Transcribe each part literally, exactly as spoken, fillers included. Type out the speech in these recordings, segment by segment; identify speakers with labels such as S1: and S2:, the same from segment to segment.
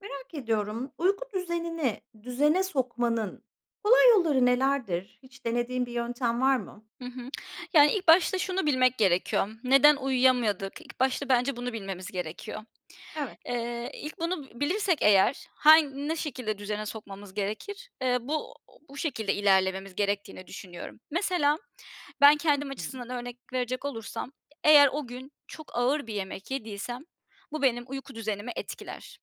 S1: Merak ediyorum, uyku düzenini düzene sokmanın kolay yolları nelerdir? Hiç denediğin bir yöntem var mı?
S2: Hı hı. Yani, ilk başta şunu bilmek gerekiyor: Neden uyuyamadık? İlk başta bence bunu bilmemiz gerekiyor.
S1: Evet.
S2: Eee, ilk bunu b bilirsek eğer han ne şekilde düzene sokmamız gerekir? Eee, bu bu şekilde ilerlememiz gerektiğini düşünüyorum. Mesela ben
S1: Hı
S2: kendim
S1: hı.
S2: açısından örnek verecek olursam, eğer o gün çok ağır bir yemek yediysem bu benim uyku düzenimi etkiler.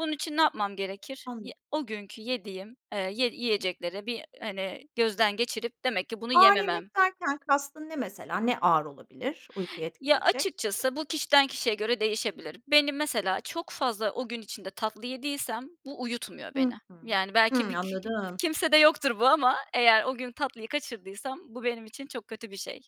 S2: Bunun için ne yapmam gerekir? Ye
S1: Anladım.
S2: o günkü yediğim, eee, ye yiyecekleri bir, hani, gözden geçirip demek ki bunu
S1: Ağır
S2: yememem
S1: yemek derken kastın ne mesela? Ne ağır olabilir uykuyu
S2: Ya,
S1: etkileyecek?
S2: açıkçası bu kişiden kişiye göre değişebilir. Beni, mesela, çok fazla o gün içinde tatlı yediysem bu uyutmuyor
S1: Hı
S2: beni.
S1: hı.
S2: Yani, belki
S1: Hımm.
S2: [unintelligible]
S1: Anladım.
S2: kimsede yoktur bu ama eğer o gün tatlıyı kaçırdıysam bu benim için çok kötü bir şey.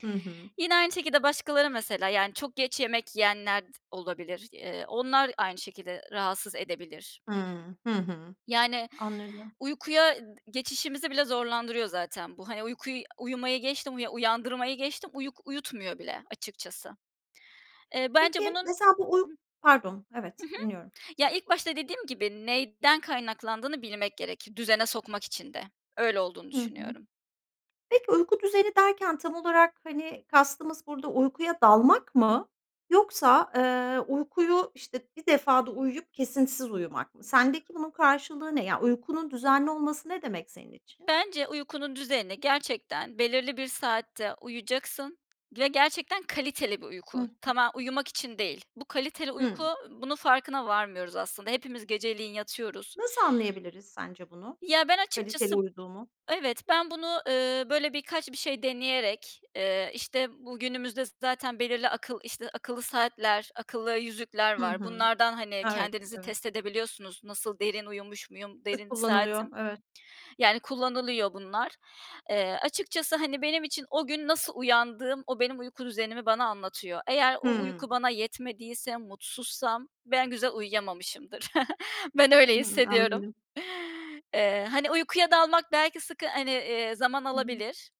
S1: Hı hı.
S2: Yine aynı şekilde başkaları, mesela, yani, çok geç yemek yiyenler d olabilir. Eee, onlar aynı şekilde, eee, rahatsız edebilir.
S1: Hıı. Hı hı.
S2: Yani,
S1: Anladım.
S2: uykuya d geçişimizi bile zorlandırıyor zaten bu, hani, uykuy uyumayı geçtim uya uyandırmayı geçtim uyuk uyutmuyor bile açıkçası. Eee, bence
S1: Peki,
S2: bunun
S1: mesela, bu uy pardon, evet.
S2: Hı hı.
S1: Dinliyorum.
S2: Ya, ilk başta dediğim gibi, neyden kaynaklandığını bilmek gerekir düzene sokmak için de. Öyle olduğunu
S1: Hı hı.
S2: düşünüyorum.
S1: Peki, uyku düzeni derken tam olarak, hani, kastımız burada uykuya dalmak mı yoksa, eee, uykuyu, işte, bir defada uyuyup kesintisiz uyumak mı? Sendeki bunun karşılığı ne? Yani, uykunun düzenli olması ne demek senin için?
S2: Bence uykunun düzenini gerçekten belirli bir saatte uyuyacaksın ve gerçekten kaliteli bir
S1: Hı
S2: uyku.
S1: hı.
S2: Tama uyumak için değil. Bu kaliteli uyku,
S1: Hıı.
S2: ııı, bunun farkına varmıyoruz aslında. Hepimiz geceleyin yatıyoruz.
S1: Nasıl anlayabiliriz sence bunu?
S2: Ya, ben
S1: Kaliteli
S2: açıkçası
S1: uyuduğumu?
S2: evet, ben bunu, eee, böyle, birkaç bir şey deneyerek, eee, işte bu günümüzde z zaten belirli akıl işte, akıllı saatler, akıllı yüzükler
S1: Hı
S2: var.
S1: hı.
S2: Bunlardan, hani,
S1: Evet
S2: kendinizi
S1: evet.
S2: test edebiliyorsunuz. Nasıl derin uyumuş muyum,
S1: Sık
S2: derin
S1: kullanılıyor,
S2: saatim.
S1: evet.
S2: Yani, kullanılıyor bunlar. Eee, açıkçası, hani, benim için o gün nasıl uyandığım, o benim uyku düzenimi bana anlatıyor. Eğer o
S1: Hımm.
S2: uyku bana yetmediyse, mutsuzsam, ben güzel uyuyamamışımdır. Ben öyle
S1: Hımm,
S2: hissediyorum.
S1: anladım.
S2: Eee, hani, uykuya dalmak belki sıkı hani, eee, zaman
S1: Hı hı.
S2: alabilir,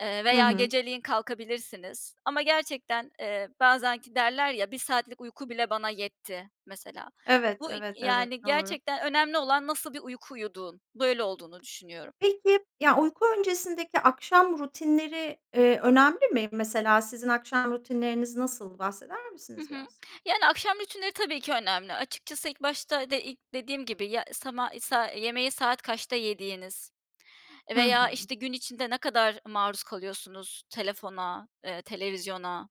S2: eee,
S1: Hı
S2: veya
S1: hı.
S2: geceleyin kalkabilirsiniz ama gerçekten, eee, bazen ki derler ya, "bir saatlik uyku bile bana yetti," mesela.
S1: Evet,
S2: Bu i
S1: evet evet.
S2: yani,
S1: Doğru.
S2: gerçekten önemli olan nasıl bir uyku uyuduğun. Böyle olduğunu düşünüyorum.
S1: Peki, ya, uyku öncesindeki akşam rutinleri, eee, önemli mi? Mesela sizin akşam rutinleriniz nasıl? Bahseder
S2: Hı
S1: misiniz
S2: hı.
S1: biraz?
S2: Yani, akşam rutinleri, tabii ki önemli. Açıkçası ilk başta de ik dediğim gibi, ya sama iii, sa yemeği saat kaçta yediğiniz
S1: Hı
S2: veya,
S1: hı.
S2: işte, gün içinde ne kadar maruz kalıyorsunuz telefona, eee, televizyona.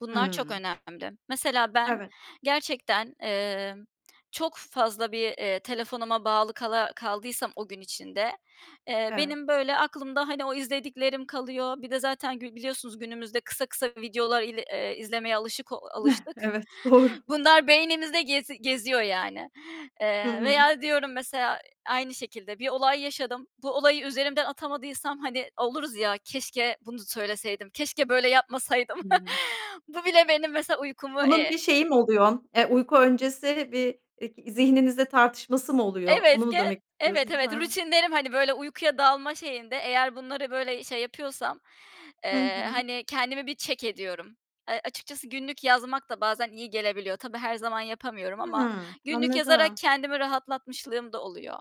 S2: Bunlar çok
S1: Hımm.
S2: önemli. Mesela ben,
S1: Evet.
S2: gerçekten, emm çok fazla bir, eee, telefonuma bağlı kala kaldıysam o gün içinde, eee,
S1: Evet.
S2: benim, böyle, aklımda, hani, o izlediklerim kalıyor. Bir de zaten gü biliyorsunuz günümüzde kısa kısa videolar il eee, izlemeye alışık o alıştık.
S1: Evet. Doğru.
S2: Bunlar beynimizde gezi geziyor, yani.
S1: Hı
S2: Eee,
S1: hı.
S2: veya diyorum mesela aynı şekilde bir olay yaşadım, bu olayı üzerimden atamadıysam, hani, oluruz ya, "Keşke bunu söyleseydim, keşke böyle yapmasaydım."
S1: Hımm.
S2: bu bile benim, mesela, uykumu,
S1: Bunun
S2: eee
S1: bir şeyi mi oluyor? Eee, uyku öncesi bir ik zihninizde tartışması mı oluyor? Onu
S2: Evet,
S1: mu
S2: gen
S1: demek
S2: Evet,
S1: istiyorsunuz? He
S2: evet.
S1: he.
S2: Rutinlerim, hani, böyle, uykuya dalma şeyinde eğer bunları, böyle, şey, yapıyorsam,
S1: Hı
S2: eee,
S1: hı.
S2: hani, kendimi bir check ediyorum. Eee, açıkçası günlük yazmak da bazen iyi gelebiliyor. Tabii her zaman yapamıyorum ama
S1: Hımm,
S2: günlük yazarak
S1: anladım.
S2: kendimi rahatlatmışlığım da oluyor.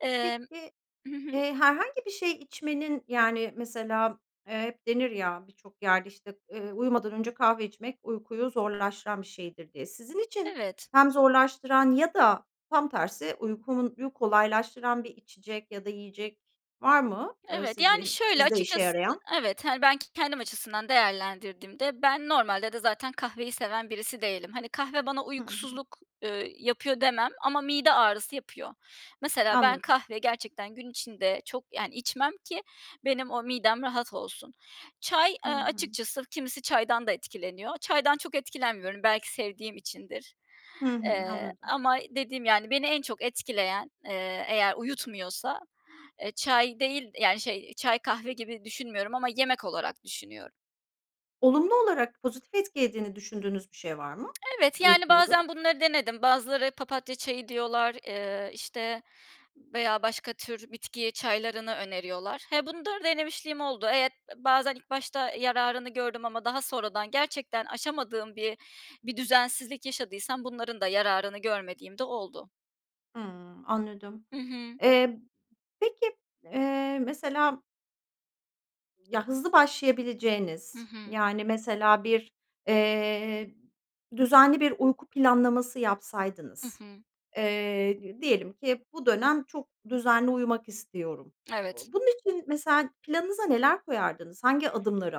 S2: Emm
S1: Peki,
S2: Hı hı.
S1: eee, herhangi bir şey içmenin, yani, mesela, eee, hep denir ya birçok yerde, işte, eee, "Uyumadan önce kahve içmek uykuyu zorlaştıran bir şeydir." diye. Sizin için
S2: Evet.
S1: hem zorlaştıran ya da tam tersi uykumunyu kolaylaştıran bir içecek ya da yiyecek var mı? Eee,
S2: Evet. Yani,
S1: sizi
S2: şöyle,
S1: sizde işe
S2: açıkçası
S1: yarayan?
S2: evet, hani, ben k kendim açısından değerlendirdiğimde ben normalde de zaten kahveyi seven birisi değilim. Hani, kahve bana
S1: Hı hı.
S2: uykusuzluk, eee, yapıyor demem ama mide ağrısı yapıyor. Mesela ben
S1: Anladım.
S2: kahveyi gerçekten gün içinde çok, yani, içmem ki benim o midem rahat olsun. Çay,
S1: Hı
S2: eee,
S1: hı.
S2: açıkçası kimisi çaydan da etkileniyor. Çaydan çok etkilenmiyorum. Belki sevdiğim içindir.
S1: Hı hı.
S2: Eee,
S1: Anladım.
S2: ama dediğim, yani, beni en çok etkileyen, eee, eğer uyutmuyorsa, eee, çay değil, yani, şey çay kahve gibi düşünmüyorum ama yemek olarak düşünüyorum.
S1: Olumlu olarak, pozitif etkiediğini düşündüğünüz bir şey var mı?
S2: Evet, yani,
S1: Uykuyu
S2: bazen bunları denedim. Bazıları papatya çayı diyorlar, eee, işte, veya başka tür bitki çaylarını öneriyorlar. He, bundarı denemişliğim oldu. Evet b bazen ilk başta yararını gördüm ama daha sonradan gerçekten aşamadığım bir bir düzensizlik yaşadıysam bunların da yararını görmediğim de oldu.
S1: Hımm, anladım.
S2: Hı hı.
S1: Eee, peki, eee, mesela ya hızlı
S2: Hı
S1: başlayabileceğiniz,
S2: hı.
S1: yani mesela bir, eee, düzenli bir uyku planlaması
S2: Hı
S1: yapsaydınız,
S2: hı.
S1: eee, d diyelim ki bu dönem çok düzenli uyumak istiyorum.
S2: Evet.
S1: Bunun için mesela planınıza neler koyardınız? Hangi adımları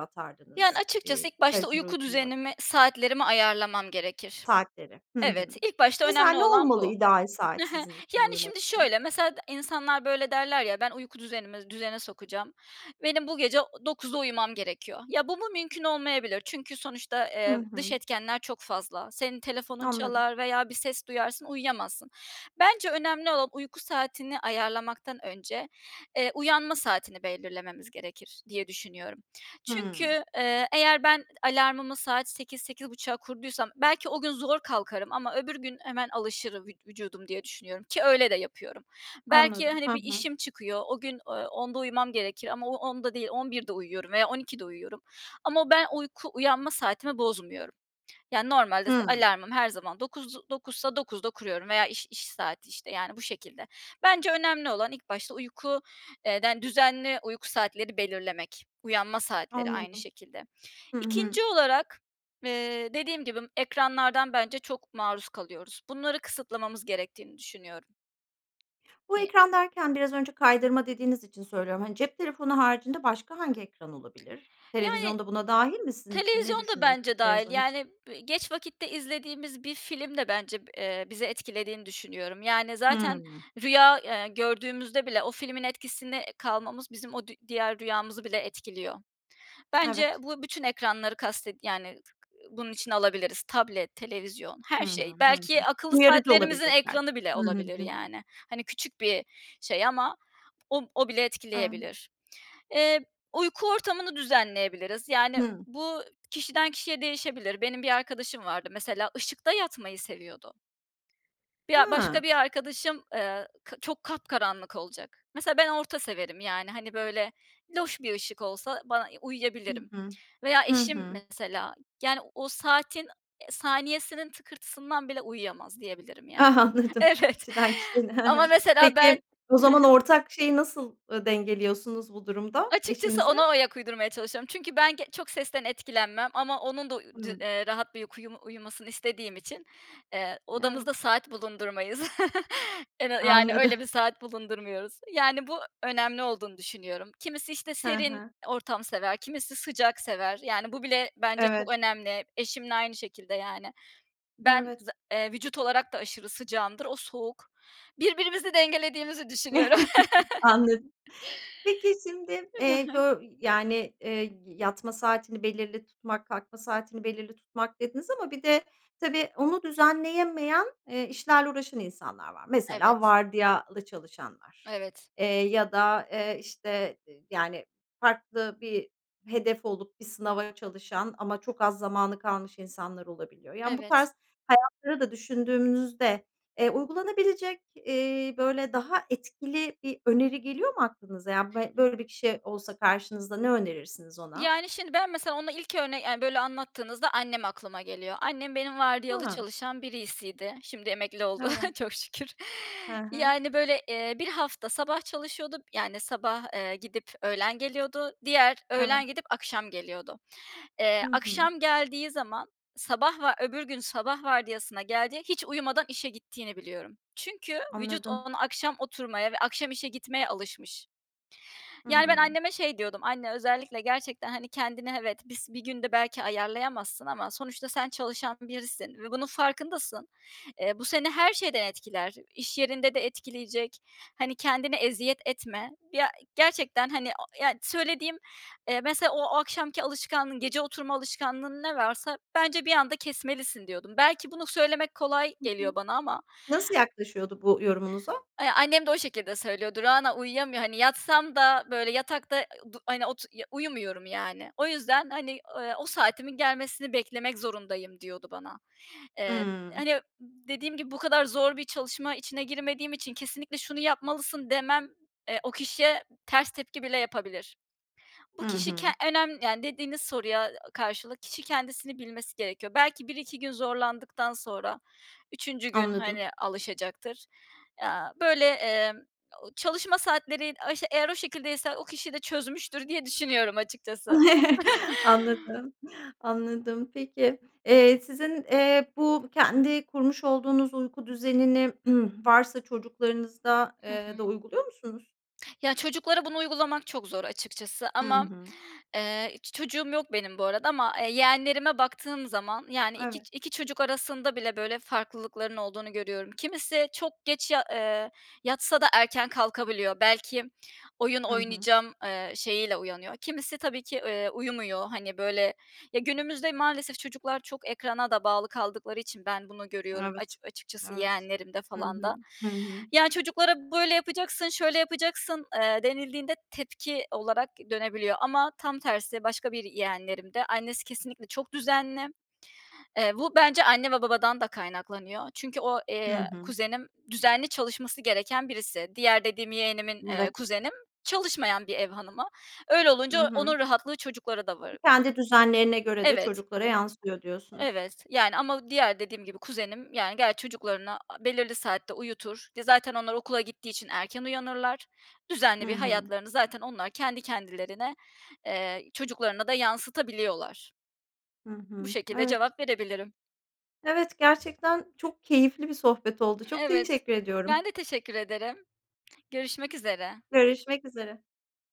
S2: Yani,
S1: atardınız?
S2: açıkçası
S1: Eee,
S2: ilk başta
S1: kaliteli
S2: uyku
S1: uykuyu [unintelligible]
S2: düzenimi, saatlerimi ayarlamam gerekir.
S1: Saatleri, hı hı.
S2: Evet, ilk başta
S1: Mesela
S2: önemli
S1: ne
S2: olan
S1: olmalı
S2: bu.
S1: ideal
S2: Hı
S1: saat
S2: hı.
S1: sizin için,
S2: Yani,
S1: uyumak
S2: şimdi
S1: için?
S2: şöyle, mesela d insanlar, böyle, derler ya, "Ben uyku düzenimi düzene sokacağım. Benim bu gece o dokuzda uyumam gerekiyor." Ya, bu mu mümkün olmayabilir çünkü sonuçta,
S1: Hı
S2: eee, dış
S1: hı.
S2: etkenler çok fazla. Senin telefonun
S1: Anladım.
S2: çalar veya bir ses duyarsın, uyuyamazsın. Bence önemli olan, uyku saatini ayarlamaktan önce, eee, uyanma saatini belirlememiz gerekir diye düşünüyorum.
S1: Hımm.
S2: Çünkü, eee, eğer ben alarmımı saat sekiz sekiz buçuğa kurduysam belki o gün zor kalkarım ama öbür gün hemen alışırım, vü vücudum diye düşünüyorum ki öyle de yapıyorum. Belki,
S1: Anladım.
S2: hani,
S1: Hı
S2: bir
S1: hı.
S2: işim çıkıyor. O gün, ooo, onda uyumam gerekir ama o onda değil, on birde uyuyorum veya on ikide uyuyorum ama o ben uyku uyanma saatimi bozmuyorum. Yani, normalde s
S1: Hımm.
S2: alarmım her zaman dokuz, dokuzsa dokuzda kuruyorum veya iş iş saati, işte, yani, bu şekilde. Bence önemli olan ilk başta uyku eee, den düzenli uyku saatleri belirlemek, uyanma saatleri aynı
S1: Anladım.
S2: şekilde.
S1: Hı hı.
S2: ikinci olarak, eee, dediğim gibi ekranlardan bence çok maruz kalıyoruz. Bunları kısıtlamamız gerektiğini düşünüyorum.
S1: Bu,
S2: [unintelligible]
S1: ekran derken biraz önce kaydırma dediğiniz için söylüyorum. Hani, cep telefonu haricinde başka hangi ekran olabilir?
S2: Yani,
S1: Televizyon da buna dâhil mi sizin için? Ne
S2: televizyon da
S1: düşünüyorsun
S2: bence dâhil,
S1: televizyon için?
S2: yani, b geç vakitte izlediğimiz bir film de bence b eee, bizi etkilediğini düşünüyorum. Yani, zaten
S1: Hıı.
S2: rüya, eee, gördüğümüzde bile o filmin etkisine kalmamız, bizim o dü diğer rüyamızı bile etkiliyor.
S1: Evet.
S2: Bence bu bütün ekranları kasted yani, [unintelligible] bunun içine alabiliriz. Tablet, televizyon
S1: Hı
S2: her
S1: hı,
S2: şey,
S1: hı hı.
S2: belki akıllı
S1: Uyarıcı
S2: saatlerimizin
S1: olabilecekler.
S2: ekranı bile
S1: Hı hı,
S2: olabilir,
S1: hıı.
S2: yani. Hani, küçük bir şey ama o o bile
S1: [unintelligible]
S2: etkileyebilir. Eee, uyku ortamını düzenleyebiliriz. Yani,
S1: Hı.
S2: bu kişiden kişiye değişebilir. Benim bir arkadaşım vardı mesela, ışıkta yatmayı seviyordu. Bi ya, başka
S1: Ha!
S2: bir arkadaşım, eee, kı çok kapkaranlık olacak. Mesela ben orta severim, yani, hani, böyle, loş bir ışık olsa bana
S1: Hı
S2: uyuyabilirim.
S1: hı.
S2: Veya
S1: Hı
S2: eşim
S1: hı.
S2: mesela, yani, o saatin saniyesinin tıkırtısından bile uyuyamaz diyebilirim, yani.
S1: Ah, anladım
S2: Evet,
S1: kişiden kişiyle. He
S2: ama
S1: he.
S2: mesela ben
S1: Peki, o
S2: He
S1: zaman
S2: he
S1: ortak şeyi nasıl, ııı, dengeliyorsunuz bu durumda,
S2: Açıkçası
S1: eşinizle?
S2: ona ayak uydurmaya çalışıyorum çünkü ben ge çok sesten etkilenmem ama onun da, uuu, de
S1: Hımm.
S2: eee, rahat bir uykuyu uyumasını istediğim için, eee,
S1: Evet.
S2: odamızda saat bulundurmayız. Ena yani,
S1: Anladım.
S2: öyle bir saat bulundurmuyoruz. Yani, bu önemli olduğunu düşünüyorum. Kimisi, işte,
S1: He
S2: serin
S1: he.
S2: ortam sever, kimisi sıcak sever. Yani, bu bile bence çok
S1: Evet.
S2: önemli. Eşimle aynı şekilde, yani. Ben
S1: Evet.
S2: za eee, vücut olarak da aşırı sıcağımdır, o soğuk. Birbirimizi dengelediğimizi düşünüyorum.
S1: Anladım. Peki, şimdi, eee, bö y yani, eee, y yatma saatini belirli tutmak, kalkma saatini belirli tutmak dediniz ama bir de tabii, onu düzenleyemeyen, eee, işlerle uğraşan insanlar var. Mesela
S2: Evet.
S1: vardiyalı çalışanlar,
S2: Evet.
S1: eee, ya da, eee, işte, ııı, yani, farklı bir hedef olup bir sınava çalışan ama çok az zamanı kalmış insanlar olabiliyor. Yani, bu
S2: Evet.
S1: tarz hayatları da düşündüğümüzde, eee, uygulanabilecek, eee, böyle, daha etkili bir öneri geliyor mu aklınıza? Yani, be böyle bir kişi olsa karşınızda ne önerirsiniz ona?
S2: Yani, şimdi, ben mesela onu ilk örne yani, böyle anlattığınızda annem aklıma geliyor. Annem benim vardiyalı
S1: He.
S2: çalışan biriysiydi. Şimdi emekli oldu.
S1: Evet.
S2: Çok şükür.
S1: He he.
S2: Yani, böyle, eee, bir hafta sabah çalışıyordu, yani, sabah, eee, gidip öğlen geliyordu. Diğer,
S1: Evet.
S2: öğlen gidip akşam geliyordu. Eee,
S1: Hı hı.
S2: akşam geldiği zaman, sabah va öbür gün sabah vardiyasına geldiği, hiç uyumadan işe gittiğini biliyorum. Çünkü vücut
S1: Anladım.
S2: ona, akşam oturmaya ve akşam işe gitmeye alışmış. Yani, ben
S1: Hıı.
S2: anneme şey diyordum: "Anne özellikle gerçekten, hani, kendini, evet, bis bir günde belki ayarlayamazsın ama sonuçta sen çalışan birisin ve bunun farkındasın. Eee, bu seni her şeyden etkiler. İş yerinde de etkileyecek. Hani, kendine eziyet etme." Ya gerçekten, hani, o ya söylediğim, eee, "Mesela, o akşamki alışkanlığın, gece oturma alışkanlığın, ne varsa bence bir anda kesmelisin." diyordum. Belki bunu söylemek kolay
S1: Hı hı.
S2: geliyor bana ama
S1: Nasıl yaklaşıyordu bu yorumunuza?
S2: Eee, annem de o şekilde söylüyordu, "Rana, uyuyamıyor hani, yatsam da, böyle, yatakta, eee, du hani, otur ya uyumuyorum yani. O yüzden, hani, ııı, o saatimin gelmesini beklemek zorundayım." diyordu bana. Eee,
S1: Hımm.
S2: hani, dediğim gibi bu kadar zor bir çalışma içine girmediğim için, kesinlikle şunu yapmalısın demem, eee, o kişiye ters tepki bile yapabilir. Bu
S1: Hı
S2: kişi ke
S1: hı.
S2: önem yani, dediğiniz soruya ı karşılık, kişi kendisini bilmesi gerekiyor. Belki bir iki gün zorlandıktan sonra, üçüncü gün,
S1: Anladım.
S2: hani, alışacaktır. Aaa, böyle, emm, çalışma saatleri eğer o şekildeyse o kişi de çözmüştür diye düşünüyorum açıkçası.
S1: Anladım, anladım. Peki. Eee, sizin, eee, bu kendi kurmuş olduğunuz uyku düzenini varsa çocuklarınızda,
S2: Hı
S1: eee, da
S2: hı.
S1: uyguluyor musunuz?
S2: Ya, çocuklara bunu uygulamak çok zor açıkçası
S1: Hı
S2: ama m
S1: hı.
S2: eee, hiç çocuğum yok benim bu arada ama, eee, yeğenlerime baktığım zaman, yani, iki
S1: Evet.
S2: ç iki çocuk arasında bile, böyle, farklılıkların olduğunu görüyorum. Kimisi çok geç ya eee, yatsa da erken kalkabiliyor. Belki m oyun
S1: Hı hı.
S2: oynayacağım, eee, şeyiyle uyanıyor. Kimisi tabii ki, eee, uyumuyor, hani, böyle ya, günümüzde maalesef çocuklar çok ekrana da bağlı kaldıkları için ben bunu görüyorum
S1: Evet.
S2: açı açıkçası
S1: Evet.
S2: yeğenlerimde
S1: Hı
S2: falan
S1: hı,
S2: da.
S1: hı hı.
S2: Ya, çocuklara, "Böyle yapacaksın, şöyle yapacaksın." eee, denildiğinde tepki olarak dönebiliyor ama tam tersi başka bir yeğenlerimde, annesi kesinlikle çok düzenli. Eee, bu bence anne ve babadan da kaynaklanıyor çünkü o,
S1: Hı
S2: eee,
S1: hı.
S2: kuzenim düzenli çalışması gereken birisi. Diğer dediğim yeğenimin, eee,
S1: Evet.
S2: kuzenim çalışmayan bir ev hanımı. Öyle
S1: I
S2: olunca
S1: hı.
S2: onun rahatlığı çocuklara da varı
S1: Kendi düzenlerine göre de
S2: Evet.
S1: çocuklara yansıyor, diyorsunuz.
S2: Evet, yani, ama diğer dediğim gibi kuzenim, yani, ger çocuklarına a belirli saatte uyutur. Di zaten onlar okula gittiği için erken uyanırlar.
S1: Hı
S2: Düzenli bir
S1: hı.
S2: hayatlarını zaten onlar kendi kendilerine, eee, çocuklarına da yansıtabiliyorlar.
S1: Hı
S2: Bu
S1: hı.
S2: şekilde
S1: Evet.
S2: cevap verebilirim.
S1: Evet, gerçekten çok keyifli bir sohbet oldu. Çok
S2: Evet,
S1: teşekkür ediyorum.
S2: ben de teşekkür ederim. Görüşmek üzere.
S1: Görüşmek üzere.